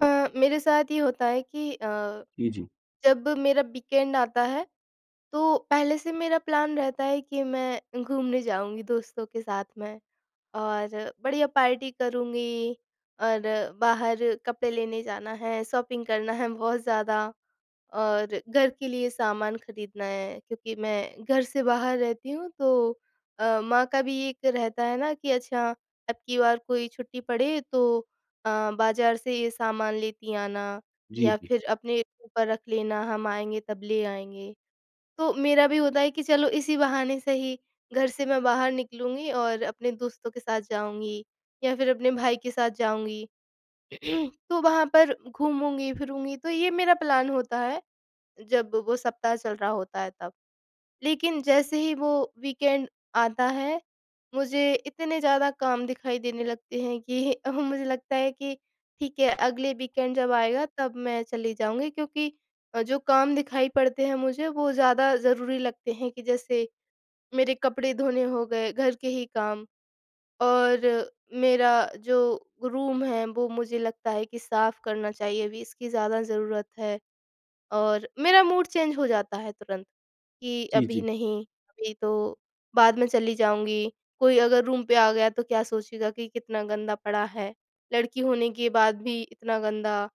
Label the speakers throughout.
Speaker 1: अ, मेरे साथ ये होता है कि अ,
Speaker 2: जी, जी।
Speaker 1: जब मेरा वीकेंड आता है, तो पहले से मेरा प्लान रहता है कि मैं घूमने जाऊँगी दोस्तों के साथ मैं। और बढ़िया पार्टी करूँगी, और बाहर कपड़े लेने जाना है, शॉपिंग करना है, बहुत ज़्यादा, और घर के लिए सामान खरीदना है। क्योंकि मैं घर से बाहर रहती हूँ तो अ, माँ का भी एक रहता है ना कि अच्छा, अबकी बार कोई छुट्टी पड़े तो अ, बाज़ार से ये सामान लेती आना,
Speaker 2: जी,
Speaker 1: या
Speaker 2: जी।
Speaker 1: फिर अपने ऊपर रख लेना, हम आएँगे तब ले आएँगे। तो मेरा भी होता है कि चलो इसी बहाने सही, घर से मैं बाहर निकलूंगी, और अपने दोस्तों के साथ जाऊँगी, या फिर अपने भाई के साथ जाऊँगी,, तो वहाँ पर घूमूँगी-फिरूँगी। तो ये मेरा प्लान होता है, जब वो सप्ताह चल रहा होता है, तब। लेकिन जैसे ही वो वीकेंड आता है, मुझे इतने ज़्यादा काम दिखाई देने लगते हैं कि अ, मुझे लगता है कि ठीक है, अगले वीकेंड जब आएगा, तब मैं चली जाऊँगी। क्योंकि अ, जो काम दिखाई पड़ते हैं मुझे, वो ज़्यादा ज़रूरी लगते हैं, कि जैसे मेरे कपड़े धोने हो गए, घर के ही काम, और मेरा जो रूम है, वो मुझे लगता है कि साफ़ करना चाहिए, अभी इसकी ज़्यादा ज़रूरत है और मेरा मूड चेंज हो जाता है तुरंत, कि
Speaker 2: जी,
Speaker 1: अभी
Speaker 2: जी।
Speaker 1: नहीं, अभी तो बाद में चली जाऊँगी। कोई अगर रूम पे आ गया, तो क्या सोचेगा कि कितना गंदा पड़ा है। लड़की होने के बाद भी इतना गंदा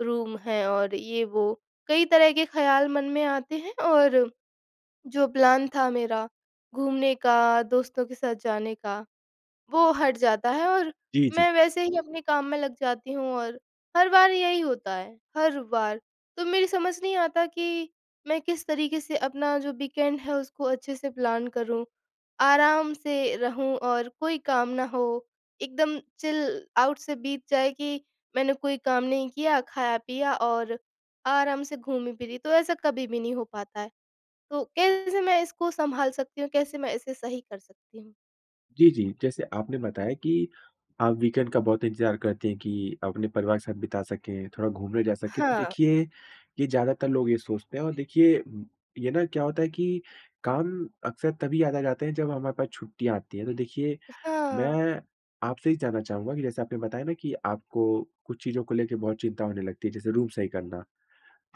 Speaker 1: रूम है और ये वो। कई तरह के ख़्याल मन में आते हैं, और जो प्लान था मेरा घूमने का, दोस्तों के साथ जाने का, वो हट जाता है और
Speaker 2: जी, जी।
Speaker 1: मैं वैसे ही अपने काम में लग जाती हूँ और हर बार यही होता है, हर बार। तो मेरी समझ नहीं आता कि मैं किस तरीके से अपना जो वीकेंड है, उसको अच्छे से प्लान करूँ। आराम से रहूँ और कोई काम ना हो, एकदम चिल आउट से बीत जाए कि मैंने कोई काम नहीं किया, खाया-पिया और आराम से घूमी-फिरी तो ऐसा कभी भी नहीं हो पाता है। तो कैसे मैं इसको संभाल सकती हूँ? कैसे मैं इसे सही कर सकती हूँ?
Speaker 2: जी, जी। जैसे आपने बताया कि आप वीकेंड का बहुत इंतज़ार करते हैं कि अपने परिवार के साथ बिता सकें, थोड़ा घूमने जा सकें। तो
Speaker 1: हाँ।
Speaker 2: देखिए, ये ज़्यादातर लोग ये सोचते हैं। और देखिए, ये ना क्या होता है कि काम अक्सर तभी याद आ जाते हैं जब हमारे पास छुट्टियाँ आती हैं। तो देखिए,
Speaker 1: हाँ।
Speaker 2: मैं आपसे ये जानना चाहूँगा कि जैसे आपने बताया ना कि आपको कुछ चीज़ों को लेकर बहुत चिंता होने लगती है, जैसे रूम सही करना,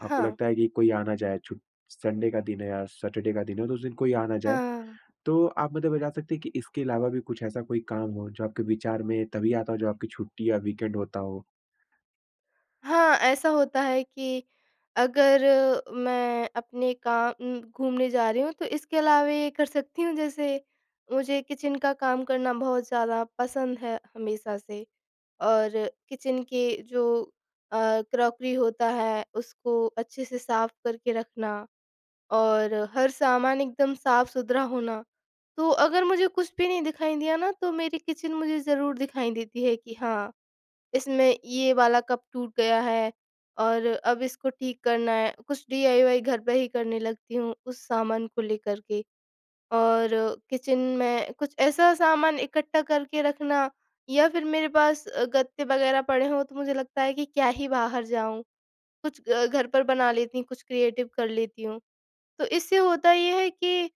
Speaker 2: आपको लगता है कि कोई आ ना जाए, छू संडे का दिन है या सैटरडे का दिन है, तो उस दिन कोई आ ना जाए।
Speaker 1: हाँ।
Speaker 2: तो आप मुझे बता सकती हैं कि इसके अलावा भी कुछ ऐसा कोई काम हो, जो आपके विचार में तभी आता हो, जब आपकी छुट्टी या वीकेंड होता हो?
Speaker 1: हाँ, ऐसा होता है कि, अगर मैं अपने काम उम घूमने जा रही हूँ, तो इसके अलावे ये कर सकती हूँ। जैसे, मुझे किचन का काम करना बहुत ज़्यादा पसंद है हमेशा से, और किचन के जो, अ, क्रॉकरी होता है, उसको अच्छे से साफ करके रखना, और हर सामान एकदम साफ-सुथरा होना। तो अगर मुझे कुछ भी नहीं दिखाई दिया ना, तो मेरी किचन मुझे ज़रूर दिखाई देती है कि हाँ, इसमें ये वाला कप टूट गया है और अब इसको ठीक करना है। कुछ डीआईवाय घर पर ही करने लगती हूँ उस सामान को लेकर के और किचन में कुछ ऐसा सामान इकट्ठा करके रखना। या फिर मेरे पास अ, गत्ते वगैरह पड़े हों, तो मुझे लगता है कि क्या ही बाहर जाऊँ, कुछ अ, घर पर बना लेती हूँ, कुछ क्रिएटिव कर लेती हूँ। तो इससे होता ये है कि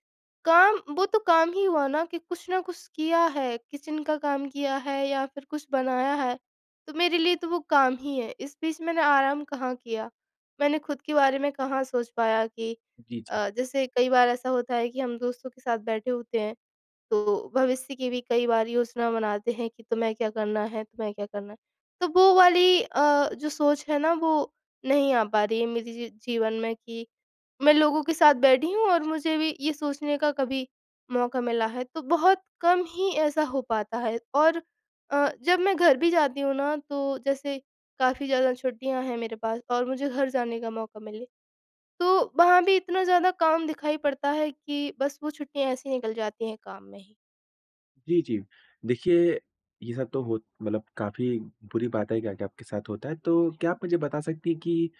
Speaker 1: काम वो तो काम ही हुआ ना, कि कुछ ना कुछ किया है, किचन का काम किया है या फिर कुछ बनाया है, तो मेरे लिए तो वो काम ही है। इस बीच मैंने आराम कहाँ किया, मैंने खुद के बारे में कहाँ सोच पाया कि
Speaker 2: जी, जी।
Speaker 1: अ, जैसे कई बार ऐसा होता है कि हम दोस्तों के साथ बैठे होते हैं, तो भविष्य की भी कई बार योजना बनाते हैं कि तुम्हें क्या करना है, तुम्हें क्या करना है। तो वो वाली अ, जो सोच है ना, वो नहीं आ पा रही है मेरे जी जी जीवन में कि मैं लोगों के साथ बैठी हूँ और मुझे भी ये सोचने का कभी मौका मिला है। तो बहुत कम ही ऐसा हो पाता है। और अ, जब मैं घर भी जाती हूँ ना, तो जैसे काफ़ी ज़्यादा छुट्टियाँ हैं मेरे पास और मुझे घर जाने का मौका मिले, तो वहाँ भी इतना ज़्यादा काम दिखाई पड़ता है कि बस वो छुट्टियाँ ऐसी निकल जाती हैं, काम में ही।
Speaker 2: जी, जी। देखिए, ये सब तो हो मतलब काफ़ी बुरी बात है, क्या-क्या आपके साथ होता है। तो क्या आप मुझे बता सकती हैं कि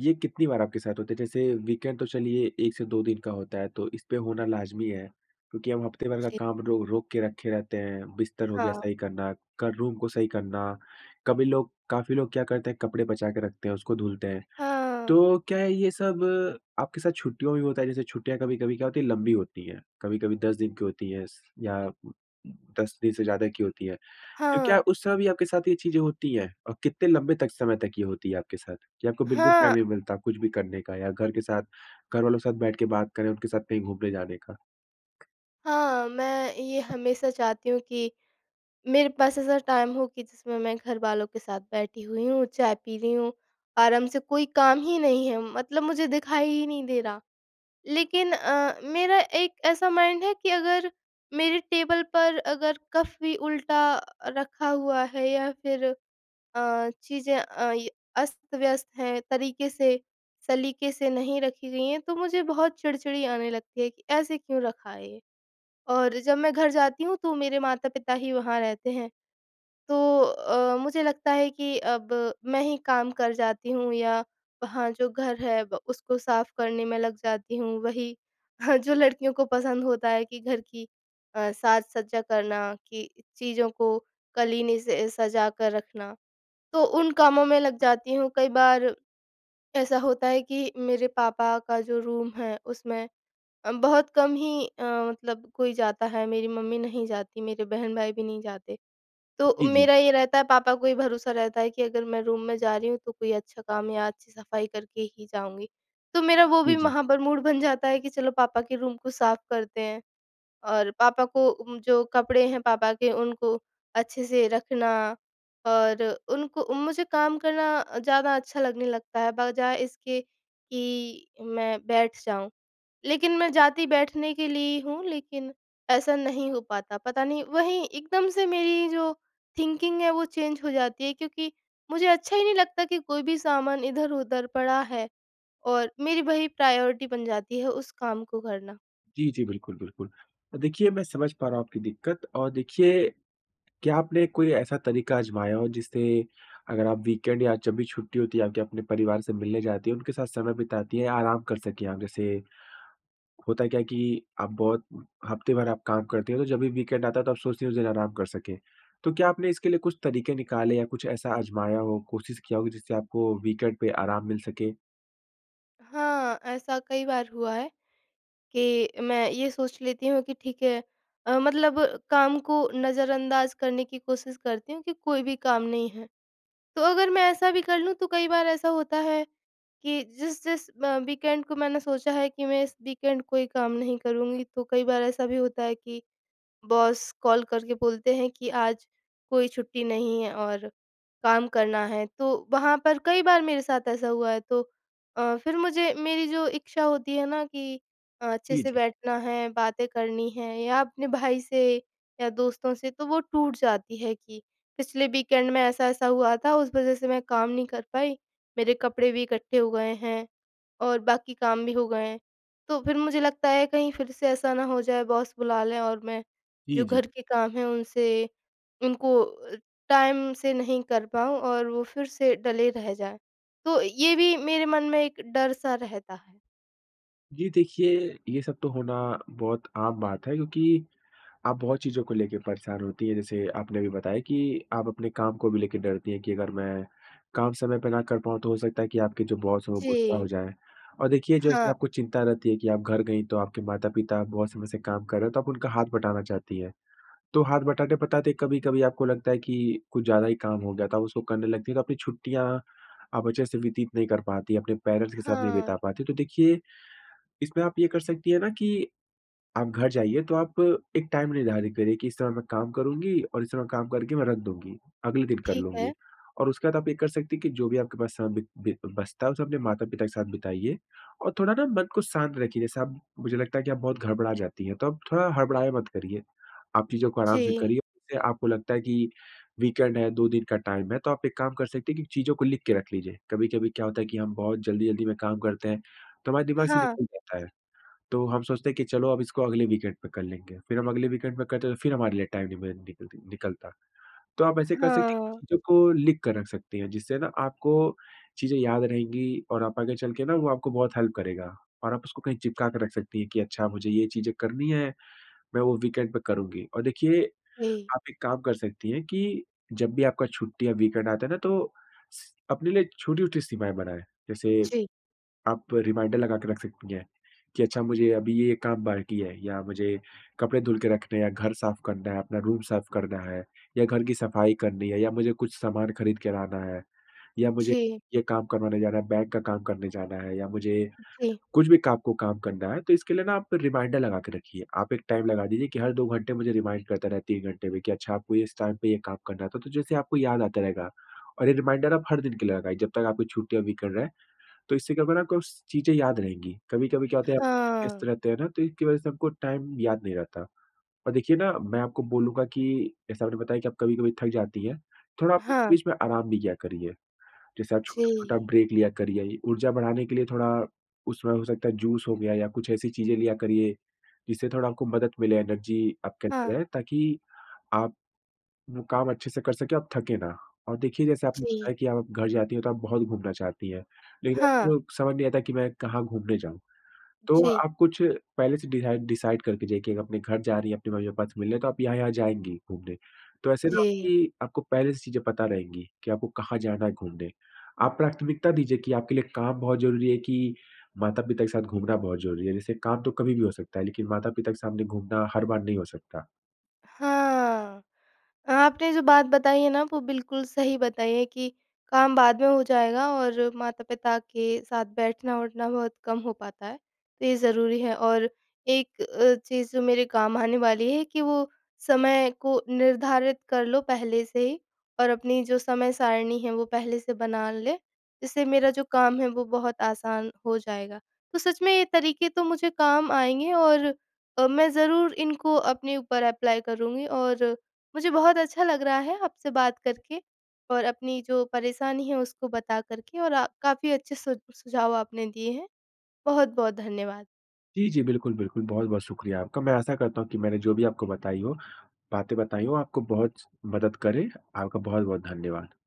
Speaker 2: ये कितनी बार आपके साथ होता है? जैसे, वीकेंड तो चलिए 1 से 2 दिन का होता है तो इसपे होना लाज़मी है, क्योंकि हम हफ़्ते भर का
Speaker 1: जी।
Speaker 2: काम रो रोक के रखे रहते हैं, बिस्तर हो गया
Speaker 1: हाँ।
Speaker 2: सही करना, कर रूम को सही करना, कभी लोग काफ़ी लोग क्या करते हैं, कपड़े बचा के रखते हैं, उसको धुलते हैं।
Speaker 1: हाँ।
Speaker 2: तो क्या ये सब आपके साथ छुट्टियों में भी होता है? जैसे छुट्टियाँ कभी-कभी क्या होती हैं, लंबी होती हैं, कभी-कभी 10 दिन की होती हैं स या 10 दिन से ज़्यादा की होती हैं। तो क्या
Speaker 1: हाँ।
Speaker 2: उस समय भी आपके साथ ये चीज़ें होती हैं? और कितने लंबे तक समय तक ये होती है आपके साथ, कि आपको बिल्कुल
Speaker 1: हाँ।
Speaker 2: टाइम नहीं मिलता कुछ भी करने का, या घर के साथ घर वालों के साथ बैठ के बात करें, उनके साथ कहीं घूमने जाने का?
Speaker 1: हाँ, मैं ये हमेशा चाहती हूँ कि मेरे पास ऐसा टाइम हो कि जिसमें मैं घरवालों के साथ बैठी हुई हूँ, चाय पी रही हूँ, आराम से, कोई काम ही नहीं है मतलब मुझे दिखाई ही नहीं दे रहा। लेकिन, अ, मेरा एक ऐसा माइंड है कि अगर मेरे टेबल पर अगर कप भी उल्टा अ, रखा हुआ है या फिर अ, चीज़ें अ, य अस्त-व्यस्त हैं, तरीके से, सलीके से नहीं रखी गई हैं, तो मुझे बहुत चिड़-चिड़ी आने लगती है कि, "ऐसे क्यों रखा है ये?" और जब मैं घर जाती हूँ, तो मेरे माता-पिता ही वहाँ रहते हैं। तो अ, मुझे लगता है कि अब मैं ही काम कर जाती हूँ या वहाँ जो घर है, ब उसको साफ़ करने में लग जाती हूँ। वही, जो लड़कियों को पसंद होता है कि घर की अ, साज-सज्जा करना, कि चीज़ों को कलीने से सजा कर रखना, तो उन कामों में लग जाती हूँ। कई बार ऐसा होता है कि मेरे पापा का जो रूम है, उसमें बहुत कम ही अ, मतलब कोई जाता है। मेरी मम्मी नहीं जाती, मेरे बहन-भाई भी नहीं जाते। तो
Speaker 2: जी, जी।
Speaker 1: मेरा ये रहता है, पापा को ये भरोसा रहता है कि अगर मैं रूम में जा रही हूँ, तो कोई अच्छा काम या अच्छी सफ़ाई करके ही जाऊँगी। तो मेरा वो
Speaker 2: जी,
Speaker 1: भी
Speaker 2: जी।
Speaker 1: वहाँ पर मूड बन जाता है कि, "चलो, पापा के रूम को साफ करते हैं।" और पापा को जो कपड़े हैं पापा के, उनको अच्छे से रखना और उनको मुझे काम करना अ, ज़्यादा अच्छा लगने लगता है, बजाय इसके कि मैं बैठ जाऊँ। लेकिन मैं जाती बैठने के लिए ही हूँ, लेकिन ऐसा नहीं हो पाता। पता नहीं, वहीं एकदम से मेरी जो थिंकिंग है, वो चेंज हो जाती है क्योंकि मुझे अच्छा ही नहीं लगता कि कोई भी सामान इधर-उधर पड़ा है, और मेरी वही प्रायोरिटी बन जाती है उस काम को करना।
Speaker 2: जी, जी, बिल्कुल, बिल्कुल। देखिए, मैं समझ पा रहा हूँ आपकी दिक्कत। और देखिए, क्या आपने कोई ऐसा तरीका आज़माया हो जिससे अगर आप वीकेंड या जब भी छुट्टी होती है, आप क्या अपने परिवार से मिलने जाती हैं, उनके साथ समय बिताती हैं या आराम कर सकें आप? जैसे, होता क्या है कि आप बहुत हफ़्ते भर आप काम करतीं हैं, तो जब भी वीकेंड आता है, तो आप सोचती हैं उस दिन आराम कर सकें। तो क्या आपने इसके लिए कुछ तरीके निकाले या कुछ ऐसा आज़माया हो, कोशिश किया हो कि जिससे आपको वीकेंड पे आराम मिल सके?
Speaker 1: हाँ, ऐसा कई बार हुआ है, कि मैं ये सोच लेती हूँ कि ठीक है अ, मतलब काम को नज़रअंदाज करने की कोशिश करती हूँ कि कोई भी काम नहीं है। तो अगर मैं ऐसा भी कर लूँ, तो कई बार ऐसा होता है कि जिस-जिस म वीकेंड को मैंने सोचा है कि मैं इस वीकेंड कोई काम नहीं करुँगी, तो कई बार ऐसा भी होता है कि बॉस कॉल करके बोलते हैं कि, "आज कोई छुट्टी नहीं है और काम करना है।" तो वहाँ पर कई बार मेरे साथ ऐसा हुआ है। तो अ, फिर मुझे मेरी जो इच्छा होती है ना कि अ, अच्छे
Speaker 2: जी,
Speaker 1: से
Speaker 2: जी।
Speaker 1: बैठना है, बातें करनी हैं या अपने भाई से या दोस्तों से, तो वो टूट जाती है कि पिछले वीकेंड में ऐसा-ऐसा हुआ था, उस वजह से मैं काम नहीं कर पाई, मेरे कपड़े भी इकट्ठे हो गए हैं, और बाकी काम भी हो गए हैं। तो फिर मुझे लगता है, कहीं फिर से ऐसा ना हो जाए, बॉस बुला लें और मैं जो
Speaker 2: जी, जी।
Speaker 1: घर के काम हैं उनसे उनको अ, टाइम से नहीं कर पाऊँ और वो फिर से टले रह जाएँ। तो ये भी मेरे मन में एक डर-सा रहता है।
Speaker 2: जी देखिए, ये सब तो होना, बहुत आम बात है, क्योंकि, आप बहुत चीज़ों को ले के परेशान होती हैं, जैसे आपने अभी बताया कि आप अपने काम को भी लेकर डरती हैं, कि अगर मैं, काम समय पे ना कर पाऊँ तो हो सकता है कि आपके जो बॉस हैं, वो गुस्सा हो
Speaker 1: जी।
Speaker 2: जाएँ, और देखिए, जैसे
Speaker 1: हाँ।
Speaker 2: आपको चिंता रहती है कि, आप घर गईं, तो आपके माता-पिता, बहुत समय से काम कर रहे हैं, तो आप उनका हाथ बटाना चाहती हैं। तो हाथ बटाते-बटाते, कभी-कभी आपको लगता है कि, कुछ ज़्यादा ही काम हो गया था, उसको करने लगती हैं, तो आपकी छुट्टियाँ, आप अच्छे से व्यतीत नहीं कर पातीं, अपने पेरेंट्स के साथ नहीं बिता
Speaker 1: हाँ।
Speaker 2: पाती। तो देखिए, इसमें आप ये कर सकती हैं ना कि आप घर जाइए तो आप, एक टाइम निर्धारित करिए, कि इस समय मैं काम करूँगी और इस समय काम करके मैं रख दूँगी, अगले दिन कर
Speaker 1: ठीक है।
Speaker 2: लूँगी, और उसके बाद आप ये कर सकती हैं कि जो भी आपके पास समय बि बि बचता है, उसे अपने माता-पिता के साथ बिताइए। और थोड़ा ना मन को शांत रखिए, जैसे आप मुझे लगता है कि, आप बहुत घड़बड़ा जाती हैं। तो आप, थोड़ा हड़बड़ाया मत करिए। आप चीज़ों को आराम से
Speaker 1: जी।
Speaker 2: करिए, [unintelligible] आपको लगता है कि वीकेंड है, 2 दिन का टाइम है, तो आप एक काम कर सकती हैं कि चीज़ों को लिख के रख लीजिए। कभी-कभी क्या होता है कि हम बहुत जल्दी-जल्दी में काम करते हैं, तो हमारे दिमाग से
Speaker 1: हाँ।
Speaker 2: निकल जाता है। तो हम सोचते हैं कि चलो, अब इसको अगले वीकेंड पे कर लेंगे। फिर हम अगले वीकेंड में कर रहे हैं, तो फिर हमारे लिए टाइम नहीं मि निकलती निकलता। तो आप ऐसे कर सकती हैं कि
Speaker 1: हाँ।
Speaker 2: चीजों को लिख कर रख सकती हैं। जिससे ना आपको चीज़ें याद रहेंगी और आप आगे चल के ना, वो आपको बहुत हेल्प करेगा, और आप उसको कहीं चिपका कर रख सकती हैं कि अच्छा, मुझे ये चीज़ें करनी है। मैं वो वीकेंड पे करुँगी और देखिए,
Speaker 1: जी।
Speaker 2: आप एक काम कर सकती हैं कि, जब भी आपका छुट्टी या वीकेंड आता है ना तो स अपने लिए छोटी-छोटी सीमाएँ बनाएँ। जैसे,
Speaker 1: जी।
Speaker 2: आप रिमाइंडर लगा के रख सकती हैं, कि अच्छा, मुझे अभी ये काम बाकी है, या मुझे कपड़े धुल के रखने हैं, या घर साफ़ करना है, अपना रूम साफ़ करना है या घर की सफ़ाई करनी है या मुझे कुछ सामान खरीद के लाना है या मुझे
Speaker 1: जी।
Speaker 2: ये काम करवाने जाना है, बैंक का काम करने जाना है या मुझे
Speaker 1: जी।
Speaker 2: कुछ भी काम को काम करना है तो इसके लिए ना, आप रिमाइंडर लगा के रखिए। आप एक टाइम लगा दीजिए, हर 2 घंटे मुझे रिमाइंडर करते रहे, 3 घंटे में, कि अच्छा आपको, इस टाइम पे ये काम करना है। तो जैसे आपको याद आता रहेगा, और ये रिमाइंडर आप, हर दिन के लिए लगाइए, जब तक आपकी छुट्टी या वीकेंड है। तो इससे क्या होगा ना, आपको स चीज़ें याद रहेंगी। कभी-कभी क्या होता है, आप व्यस्त
Speaker 1: हाँ।
Speaker 2: रहते हैं ना, तो इसकी वजह से, आपको टाइम याद नहीं रहता और देखिए ना, मैं आपको बोलूँगा कि, जैसे आपने बताया कि आप कभी-कभी थक भी जाती हैं, थोड़ा आप
Speaker 1: हाँ।
Speaker 2: बीच में आराम भी किया करिए। जैसे आप छोटा-छोटा
Speaker 1: जी।
Speaker 2: ब्रेक लिया करिए। ये ऊर्जा बढ़ाने के लिए थोड़ा, उसमें हो सकता है, जूस हो गया, या कुछ ऐसी चीज़ें लिया करिए, जिससे थोड़ा आपको मदद मिले, एनर्जी आपके अंदर
Speaker 1: हाँ।
Speaker 2: रहे, ताकि, आप, वो काम अच्छे से कर सकें, आप थके ना, और देखिए, जैसे आपने
Speaker 1: जी।
Speaker 2: बताया कि आप घर जाती हैं तो आप बहुत घूमना चाहती हैं। लेकिन
Speaker 1: हाँ।
Speaker 2: आपको, समझ नहीं आता, कि मैं, कहाँ घूमने जाऊँ। तो,
Speaker 1: जी।
Speaker 2: आप कुछ, पहले से दिराइड डिसाइड करके जाइए कि अपने घर जा रही हैं, अपने मम्मी-पापा से मिलने तो आप यहाँ-यहाँ जाएँगी घूमने। तो ऐसे ना
Speaker 1: जी।
Speaker 2: आपकी आपको पहले से चीज़ें पता रहेंगी, कि आपको कहाँ जाना है घूमने। आप प्राथमिकता दीजिए कि आपके लिए काम बहुत ज़रूरी है कि, माता-पिता के साथ घूमना बहुत ज़रूरी है। जैसे काम तो कभी भी हो सकता है, लेकिन माता-पिता के सामने घूमना हर बार नहीं हो सकता।
Speaker 1: हाँ। आपने जो बात बताई है ना, वो बिल्कुल सही बताई है कि काम बाद में हो जाएगा और माता-पिता के साथ बैठना-उठना बहुत कम हो पाता है, तो ये ज़रूरी है, और एक अ, चीज़, जो मेरे काम आने वाली है कि वो, समय को निर्धारित कर लो पहले से ही और अपनी जो समय-सारिणी है, वो पहले से बना लें। जिससे मेरा जो काम है, वो बहुत आसान हो जाएगा। तो सच में, ये तरीके तो मुझे काम आएँगे और तो मैं ज़रूर इनको अपने ऊपर अप्लाई करूँगी और मुझे बहुत अच्छा लग रहा है, आपसे बात करके और अपनी जो परेशानी है उसको बता कर के और आ काफ़ी अच्छे सु सुझाव आपने दिए हैं, बहुत-बहुत धन्यवाद।
Speaker 2: जी, जी, बिल्कुल, बिल्कुल। बहुत-बहुत शुक्रिया आपका। मैं आशा करता हूँ कि मैंने जो भी आपको बताई हों बातें बताई हों, आपको बहुत ज मदद करें। आपका बहुत-बहुत धन्यवाद।